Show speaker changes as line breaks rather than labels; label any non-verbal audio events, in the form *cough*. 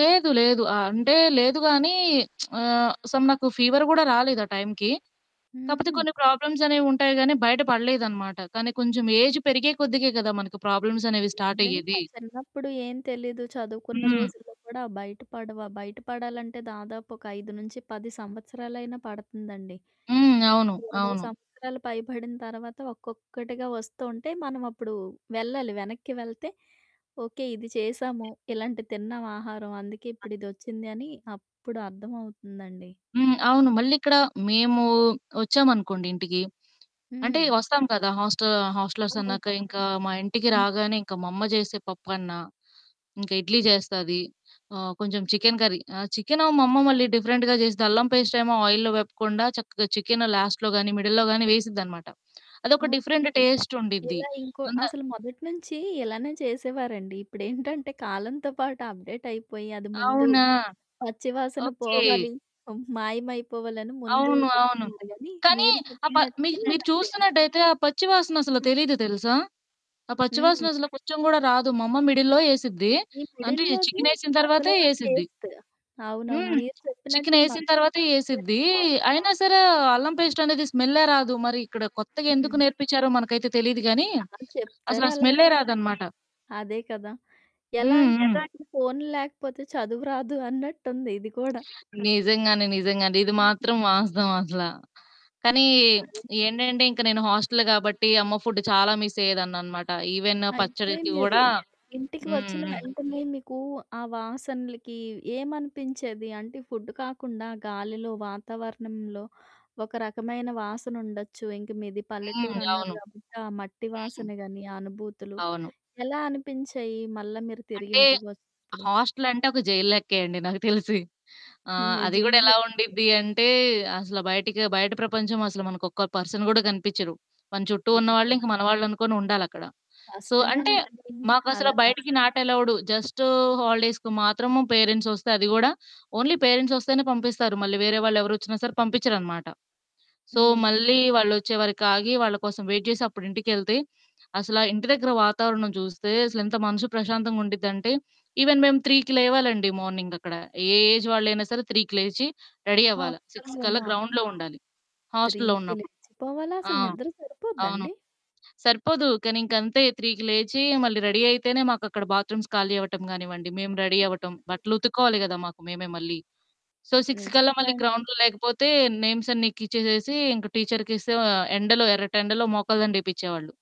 లేదు లేదు. ఆ! అంటే లేదు గానీ, *smacks lips* ఆహ్, సమ్ నాకు ఫీవర్ గూడా రాలేదు ఆ టైంకి. కాకపోతే
హుహు.
కొన్ని ప్రాబ్లమ్స్ అనేవి ఉంటాయి గానీ, బయట పడలేదనమాట. కానీ, కొంచం ఏజ్ పెరిగే కొద్దికే కదా మనకు ప్రాబ్లమ్స్ అనేవి స్టార్ట్ అయ్యేది.
నిజంగా, చిన్నప్పుడు ఏం తెలీదు. చదువుకున్న
హ్మ్.
రోజుల్లో కూడా బయట పడవు. ఆ బయట పడాలంటే దాదాపు ఒక 5-10 సంవత్సరాలైనా పడుతుందండి.
హ్మ్.
ఇంక
అవును.
20
అవును.
సంవత్సరాలు పైబడిన తర్వాత ఒక్కొక్కటిగా వస్తూ ఉంటే, మనం అప్పుడు వెళ్ళాలి వెనక్కి వెళ్తే, ఓకే ఇది చేశాము, ఇలాంటిది తిన్నాం ఆహారం, అందుకే
ఆ!
ఇప్పుడు ఇదోచ్చిందని అప్పుడు అర్థమవుతుందండి.
హ్మ్. అవును. మళ్ళిక్కడ మేమూ వచ్చామనుకోండి ఇంటికి, అంటే
హ్మ్.
వస్తాం కదా! హాస్టా హాస్టలర్స్ అన్నాక
అవునా?
ఇంక మా ఇంటికి
హ్మ్.
రాగానే, ఇంక మా అమ్మ చేసే పప్పన్నా, ఇంక ఇడ్లీ జేస్తది. ఆ! కొంచెం చికెన్ కర్రీ ఆ! చికెను మా అమ్మ మళ్ళీ డిఫరెంట్‌గా జేస్తది, అల్లం పేస్ట్ ఏమో ఆయిల్లో వేపకుండా చక్కగా చికెను లాస్ట్‌లో గానీ, మిడిల్‌లో గానీ వేసిద్దనమాట. అదొక
ఓకే.
డిఫరెంటు టేస్ట్ ఉండిద్ది.
ఇలా ఇంకో
అంత
అసలు మొదటి నుంచి ఇలానే చేసేవారండి. ఇప్పుడేంటంటే కాలంతో పాటు అప్‌డేట్ అయిపోయి అది ముందు,
అవునా!
పచ్చి వాసన
ఓకే.
పోవాలి, మాయమైపోవాలని ముందు
అవును. అవును.
చేస్తున్నారు గానీ,
కానీ,
మీరు
ఆ ప
చెప్పినట్టే
మీకు మీరు
నాకు తెలుసు.
చూస్తున్నట్టయితే ఆ పచ్చి వాసనసలు
హ్మ్.
తెలీదు తెలుసా? ఆ
హ్మ్.
పచ్చివాసన అసలు కొంచం కూడా రాదు మా అమ్మ మిడిల్‌లో ఏసిద్ది,
ఈ
అంటే
మిడిల్‌లోది
చికెనేసిన తర్వాతే
అసలైన
ఏసిద్ది.
టేస్ట్. అవునవును.
హ్మ్.
మీరు చెప్పినట్టు ఈ
చికెనేసిన
మధ్యలో
తర్వాత ఏసిద్ది.
బావుంటుంది.
అయిన సరే అల్లం పేస్ట్ అనేది స్మెల్లే రాదు. మరిక్కడ కొత్తగా ఎందుకు
హ్మ్.
నేర్పించారో మనకైతే తెలీదు గానీ,
ఆ!
అసలు
చెప్తారు
ఆ స్మెల్లే
అలానే.
రాదనమాట.
అదే కదా! ఎలా
హ్మ్.
అంటేనండి
హ్మ్.
ఇప్పుడు ఫోను లేకపోతే చదువు రాదు అన్నట్టుంది ఇది కూడా.
నిజంగానే, నిజంగానే ఇది
హ్మ్.
మాత్రం వాస్తవం అసల. కానీ,
అది
*smacks lips* ఏంటంటే ఇంక నేను హాస్టల్ గాబట్టి అమ్మ ఫుడ్ చాలా మిస్ అయ్యేదాన్ననమాట. ఈవెన్ ఆ
అయితే
పచ్చడికి
మీరు,
కూడా
ఇంటికి
హ్మ్.
వచ్చిన
హ్మ్.
వెంటనే మీకూ ఆ వాసనలకి ఏమనిపించేది? అంటే ఫుడ్ కాకుండా గాలిలో, వాతావరణంలో ఒక రకమైన వాసనుండొచ్చు. ఇంక మీది
హ్మ్.
పల్లెటూరన్నారు
అవును.
కాబట్టి ఆ మట్టి
హ్మ్.
వాసన గానీ, ఆ అనుభూతులు
అవును.
ఎలా అనిపించాయి, మళ్ళా మీరు తిరిగి
అంటే,
ఇంటికి వచ్చినప్పుడు?
హాస్టల్ అంటే ఒక జైల్ లెక్కే అండి నాకు తెలిసి. ఆ!
హ్మ్.
అది గూడా ఎలా
నిజంగే.
ఉండిద్ది అంటే, అసలు బయటికి బయట ప్రపంచం అసలు మనకొక్క పర్సన్ గూడా కనిపించరు. మన చుట్టూ ఉన్నవాళ్ళు
అయ్యో!
ఇంక మనవాళ్ళనుకోని ఉండాలక్కడ. సో, అంటే,
కష్టమేనండి.
మాకసల
అలా న
బయటికి
స్క్
నాట్ అలోవ్‌డు. జస్టు హాలిడేస్‌కు మాత్రము పేరెంట్స్ వస్తే అది గూడా, ఓన్లీ పేరెంట్స్ ఒస్తేనే పంపిస్తారు. మళ్ళీ వేరే వాళ్ళెవరొచ్చినా సరే పంపించరనమాట. So,
okay.
మళ్ళీ వాళ్ళు వచ్చేవారికి ఆగి, వాళ్ళ కోసం వెయిట్ చేసి అప్పుడు ఇంటికెళ్తే, అసలా ఇంటి దగ్గర వాతావరణం చూస్తే అసలెంత మనసు ప్రశాంతంగా ఉండిద్దంటే, ఈవెన్ మేము 3కి లేవాలండి మార్నింగ్ అక్కడ. ఏ ఏజ్ వాళ్ళైనా సరే 3కి లేచి రెడీ అవ్వాలా. 6 కల్లా
హాస్టల్‌లోనా?
గ్రౌండ్‌లో ఉండాలి. హాస్టల్‌లో
3కి
ఉన్నప్పుడు.
లేచిపోవాలా?
ఆ!
అసలు నిద్ర సరిపోద్దా
అవును.
అండి?
సరిపోదు. కానీ ఇంకంతే 3కి లేచి మళ్ళీ రెడీ అయితేనే మాకక్కడ బాత్‌రూమ్స్ ఖాళీ అవ్వటం గానివ్వండి, మేము రెడీ అవ్వటం.
హ్మ్.
బట్టలు ఉతుక్కోవాలి కదా! మాకు మేమే మళ్ళీ. సో, 6 కల్లా
నిజంగా
మళ్ళీ
అండి.
గ్రౌండ్‌లో లేకపోతే, నేమ్స్ అన్నీ ఎక్కిచ్చేసేసి ఇంక టీచర్‌కిస్తే ఆ ఎండలో ఎర్రటెండలో మోకాలు దండ ఏపిచ్చేవాళ్ళు.